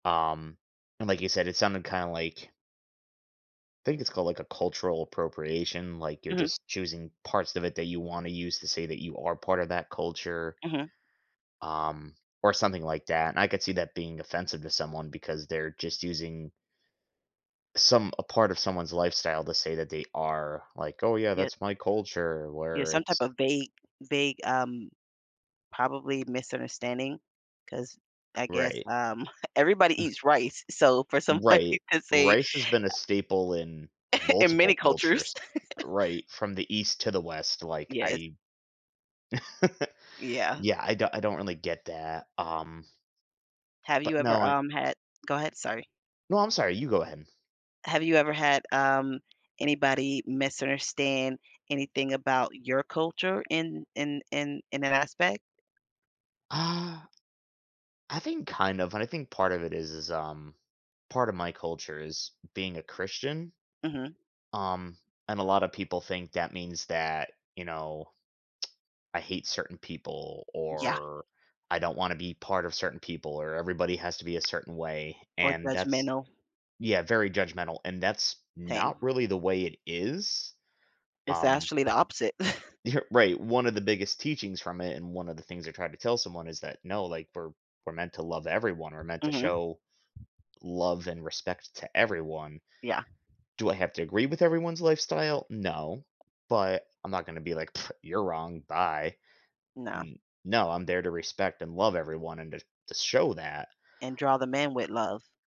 Um, and like you said, it sounded kinda like I think it's called, like, a cultural appropriation, like, you're Mhm. just choosing parts of it that you wanna use to say that you are part of that culture Mhm. um, or something like that, and I could see that being offensive to someone because they're just using some a part of someone's lifestyle to say that they are like, "Oh, yeah, Yeah. that's my culture," Yeah, where some type it's of vague vague, um probably misunderstanding 'cause I guess, Right. um, everybody eats rice, so for somebody Right, to say rice has been a staple in In many multiple cultures. cultures, right, from the East to the West, like, Yes. I Yeah. Yeah, I don't I don't really get that, um Have you but ever, no, I um, had Go ahead, sorry. No, I'm sorry, you go ahead. Have you ever had, um, anybody misunderstand anything about your culture in in in in that aspect? Uh I think kind of, and I think part of it is, is um part of my culture is being a Christian. Mhm. Um, and a lot of people think that means that, you know, I hate certain people Yeah. or I don't wanna be part of certain people or everybody has to be a certain way, Or and that's judgmental. Yeah, very judgmental, and that's not Same. really the way it is, It's um actually the opposite. You're right, one of the biggest teachings from it, and one of the things I tried to tell someone is that, "No, like, we're we're meant to love everyone, we're meant to Mhm. show love and respect to everyone." Yeah. Do I have to agree with everyone's lifestyle? No, but I'm not gonna be like, "Pfft, you're wrong, bye." Nah. N no, I'm there to respect and love everyone and to to show that. And draw them in with love.